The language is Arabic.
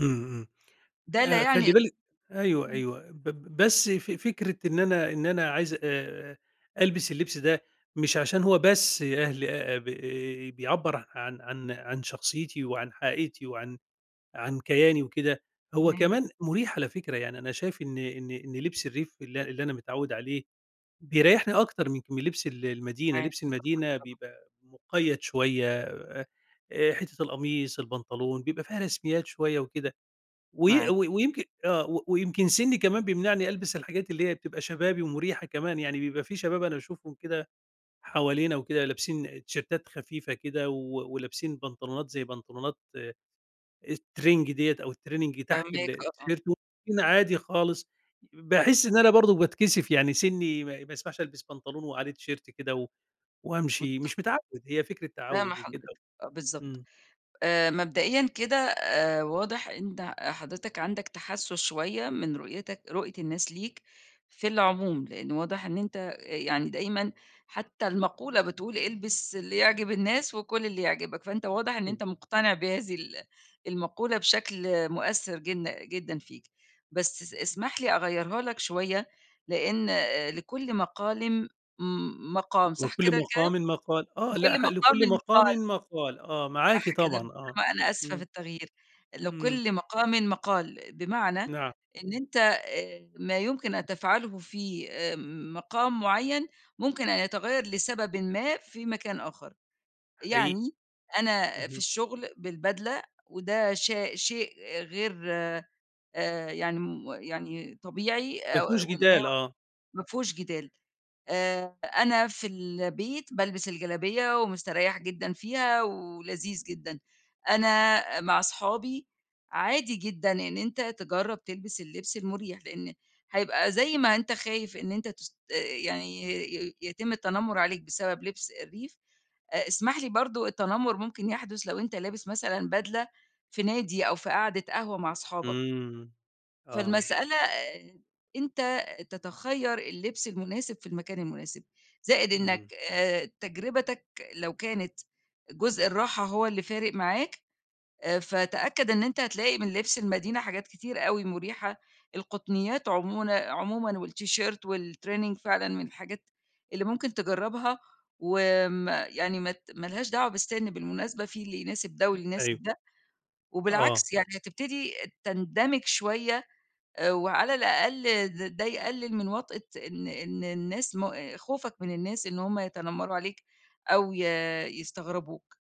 امم، امم، ده لا آآ يعني خلّي بالِك أيوه إمم. أيوه، ب ب بس ف فكرة إن أنا إن أنا عايز آآ ألبس اللبس ده، مش عشان هو بس أهل آآ ب بيعبر عن عن عن شخصيتي وعن حقيقتي وعن عن كياني وكده، هو تمام. كمان مريح على فكرة يعني، أنا شايف إن إن إن لبس الريف اللي اللي أنا متعوّد عليه، بيريحني أكتر من لبس ال المدينة، معاك لبس المدينة بيبقى مُقيّد شوية، آآ حتة القميص، البنطلون بيبقى فيها رسميات شوية وكده، وي معاك. وي ويمكن آه ويمكن سني كمان بيمنعني ألبس الحاجات اللي هي بتبقى شبابي ومريحة كمان يعني، بيبقى في شباب أنا باشوفهم كده حوالينا وكده، لابسين تيشيرتات خفيفة كده و ولابسين بنطلونات زي بنطلونات الترينج ديّة أو الtraining تحت ال فاهماك آه آه. التيشيرت، [unintelligible] عادي خالص، باحس إن أنا برضه باتكسف يعني، سنّي ما ما يسمحش ألبس بنطلون وعليه تيشيرت كده و وأمشي، متفقة، مش متعود، هي فكرة فاهمة تعوّد وكده، حضرتك، آه بالضبط. امم. آآ مبدأيًا كده آآ واضح أنت حضرتك عندك تحسَّس شوية من رؤيتك رؤية الناس ليك في العموم، لأن واضح إن أنت يعني دايمًا حتى المقولة بتقول البس اللي يعجب الناس وكُل اللي يعجبك، فأنت واضح إن امم. أنت مقتنع بهذه ال المقولة بشكل مؤثر جن جدًا فيك بس اس اسمح لي أغيرها لك شوية لأن آآ لكل مقالم م مقام، صح وكل كده كلام؟ مقامٍ مقال، آه لكل ل مقامٍ لكل مقامٍ مقال. مقال آه معاكِ صح كده، طبعًا آه، ما أنا آسفة في امم. التغيير امم لكل مقامٍ مقال، بمعنى نعم. إن أنت ما يمكن أن تفعله في مقام معين ممكن أن يتغير لسببٍ ما في مكان آخر. حقيقي، يعني أنا في اهم. الشغل بالبدلة وده شا شيء غير آآ يعني م يعني طبيعي أ ما فيهوش وإنه جدال، آه. ما فيهوش جدال. آآ أنا في البيت بالبس الجلابية ومستريح جدًا فيها ولذيذ جدًا، أنا مع أصحابي عادي جدًا إن أنت تجرب تلبس اللبس المريح، لأن هيبقى زي ما أنت خايف إن أنت تست يعني ي يتم التنمر عليك بسبب لبس الريف، أ اسمح لي برضه التنمر ممكن يحدث لو أنت لابس مثلًا بدلة في نادي أو في قعدة قهوة مع أصحابك. إمم آه. فالمسألة آآ أنت تتخَير اللبس المناسب في المكان المناسب. زائد إنّك امم. آآ تجربتك لو كانت جزء الراحة هو اللي فارق معاك آآ فتأكّد إن أنت هتلاقي من لبس المدينة حاجات كتيرة أوي مريحة، القطنيات عمون عمومًا والتيشيرت والtraining فعلًا من الحاجات اللي ممكن تجرّبها، وآمم يعني مات ما لهاش دعوة بالسن بالمناسبة في اللي يناسب ده [unintelligible] واللي أيوه. يناسب ده، آه. وبالعكس يعني هتبتدي تندمج شوية، آآ وعلى الأقل د ده يقلل من وطأة إن إن الناس ما خوفك من الناس إن هُم يتنمروا عليك أو ي يستغربوك.